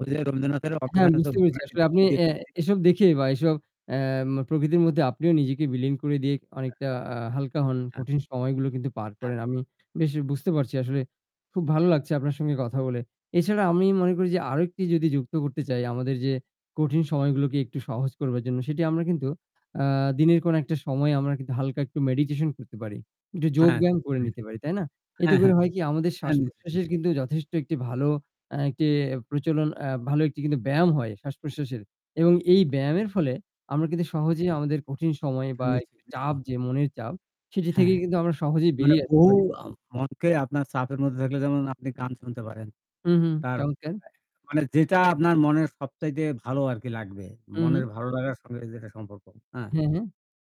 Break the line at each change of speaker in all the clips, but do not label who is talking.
ওই যে রবীন্দ্রনাথের
হ্যাঁ,
'অঘ্রাণে তোর
বুঝতে
ভরা
পেরেছি। আসলে
ক্ষেতে কি
আপনি এ
দেখেছি।'
এসব দেখে বা এসব এম প্রকৃতির মধ্যে আপনিও নিজেকে বিলীন করে দিয়ে
হ্যাঁ।
অনেকটা আ হালকা হন।
হ্যাঁ।
কঠিন সময়গুলো কিন্তু পার
হ্যাঁ।
করেন। আমি বেশ বুঝতে পারছি আসলে খুব ভালো লাগছে আপনার সঙ্গে কথা বলে। এছাড়া আমি মনে করি যে আরেকটি যদি যুক্ত করতে চাই আমাদের যে কঠিন সময়গুলোকে একটু সহজ করবার জন্য সেটি আমরা কিন্তু আ দিনের কোনো একটা সময়ে আমরা কিন্তু হালকা একটু মেডিটেশন করতে পারি। একটু
হ্যাঁ,
যোগব্যায়াম করে
হ্যাঁ।
নিতে পারি। তাই না? এতে
হ্যাঁ,
করে
হ্যাঁ।
হয় কি, আমাদের
হ্যাঁ, নিশ্চয়ই, নিশ্চয়ই।
শ্বাস-প্রশ্বাসের কিন্তু যথেষ্ট একটি ভালো আ একটি প্রচলন এ ভালো একটি কিন্তু ব্যায়াম হয়
হ্যাঁ।
শ্বাস-প্রশ্বাসের এবং এই ব্যায়ামের ফলে আমরা কিন্তু
হ্যাঁ।
সহজেই আমাদের কঠিন সময়
হ্যাঁ,
বা একটু
নিশ্চয়ই,
চাপ
নিশ্চয়ই।
যে মনের চাপ সেটি
হ্যাঁ।
থেকেই কিন্তু আমরা সহজেই
মানে
বেরিয়ে আসতে
বহু
পারি।
আ মনকে আপনার চাপের মধ্যে থাকলে যেমন আপনি গান শুনতে পারেন।
হুম, হুম।
তার
চমৎকার!
মানে যেটা আপনার মনের সবচাইতে ভালো আরকি লাগবে।
হু, হু।
মনের ভালো লাগার সঙ্গে এই জায়গায় সম্পর্ক, হ্যাঁ?
হ্যাঁ, হ্যাঁ।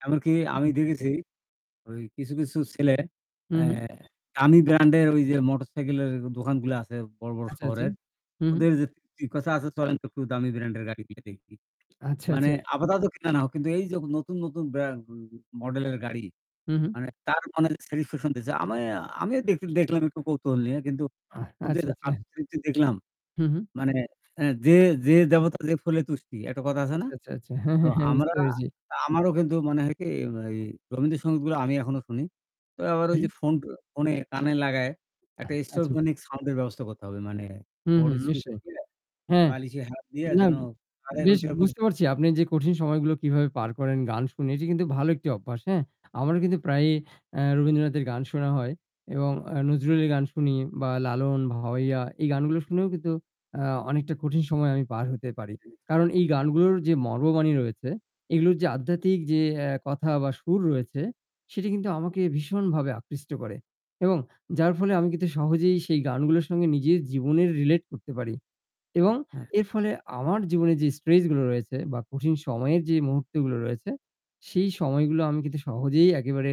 এমনকি
সেটা
আমি
ঠিক।
দেখেছি ওই কিছু, কিছু ছেলে
হু,
এ
হু।
দামী ব্র্যান্ড এর ওই যে মোটরসাইকেলের দোকানগুলা আছে বড়, বড়
আচ্ছা, আচ্ছা।
শহরের
হু, হু।
ওদের যে কথা আছে চলেন একটু দামি ব্র্যান্ডের গাড়ি গিয়ে দেখি।
আচ্ছা,
মানে
আচ্ছা।
আপাতত কিনা না হোক কিন্তু এই যে নতুন, নতুন ব্র্যান্ড মডেলের গাড়ি
হু, হু।
মানে তার মনে স্যাটিফিকেশন দিয়েছে। আমি আমিও দেখ দেখলাম একটু কৌতূহল নিয়ে কিন্তু ওদের
আচ্ছা, আচ্ছা।
[unintelligible] দেখলাম
হু, হু।
মানে এ যে "যে দেবতা যে ফুলে তুষ্টি" একটা কথা আছে না?
আচ্ছা, আচ্ছা, আচ্ছা। হ্যাঁ,
তো
হ্যাঁ, হ্যাঁ।
আমরা
বুঝতে পেরেছি।
আমারও কিন্তু মনে হয় কি এই রবীন্দ্র সংগীতগুলো আমি এখনো শুনি। তো আবার ঐ
হুম।
যে ফোন ফোনে কানে লাগায়
আহ
একটা
আচ্ছা, আচ্ছা।
এক্সট্রাফিক সাউন্ড এর ব্যবস্থা করতে হবে। মানে
হু,
বড়
হু।
স্পিকার
নিশ্চয়ই।
দিয়ে
হ্যাঁ।
বালিশের হাত দিয়ে
না,
যেন
বেশ বুঝতে পারছি
[unintelligible]
আপনি যে কঠিন সময়গুলো কীভাবে পার করেন গান শুনে এটি কিন্তু ভালো একটি অভ্যাস, হ্যাঁ? আমারও কিন্তু প্রায়ই এ রবীন্দ্রনাথের গান শোনা হয় এবং আ নজরুলের গান শুনি বা লালন, ভাওয়াইয়া এই গানগুলো শুনেও কিন্তু আ অনেকটা কঠিন সময় আমি পার হতে
জি,
পারি।
জি।
কারণ এই গানগুলোর যে মর্মবাণী রয়েছে এগুলোর যে আধ্যাত্মিক যে এ কথা বা সুর রয়েছে সেটি কিন্তু আমাকে ভীষণভাবে আকৃষ্ট করে। এবং যার ফলে আমি কিন্তু সহজেই সেই গানগুলোর সঙ্গে নিজের জীবনের রিলেট করতে পারি এবং
হ্যাঁ।
এর ফলে আমার জীবনে যে স্ট্রেস গুলো রয়েছে বা কঠিন সময়ের যে মুহূর্ত গুলো রয়েছে, সেই সময়গুলো আমি কিন্তু সহজেই একেবারে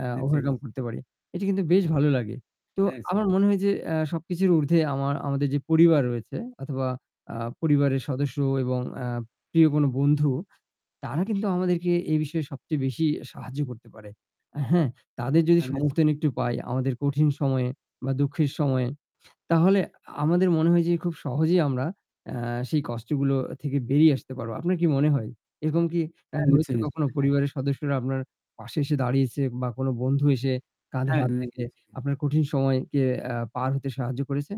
এ
নিশ্চয়ই, নিশ
ওভারকাম করতে পারি। এটি কিন্তু বেশ ভালো লাগে। তো
হ্যাঁ। [unintelligible]
আমার মনে হয় যে এ সবকিছুর উর্ধ্বে আমার আমাদের যে পরিবার রয়েছে অথবা আ পরিবারের সদস্য এবং এ প্রিয় কোন বন্ধু তারা কিন্তু আমাদেরকে এ বিষয়ে সবচেয়ে বেশি সাহায্য করতে পারে। হ্যাঁ? তাদের যদি
হ্যাঁ, নিশ্চয়ই।
সমর্থন একটু পাই আমাদের কঠিন সময়ে বা দুঃখের সময়ে তাহলে আমাদের মনে হয় যে খুব সহজেই আমরা এ সেই কষ্টগুলো থেকে বেরিয়ে আসতে পারবো। আপনার কি মনে হয় এরকম কি এ
হ্যাঁ,
হয়েছে
নিশ্চয়ই,
কখনো
নিশ্চয়ই। হ্যাঁ।
পরিবারের সদস্যরা আপনার পাশে এসে দাঁড়িয়েছে বা কোনো বন্ধু এসে কাঁধে
হ্যাঁ।
হাত রেখে
[unintelligible]
আপনার কঠিন সময়কে এ পার হতে সাহায্য করেছে?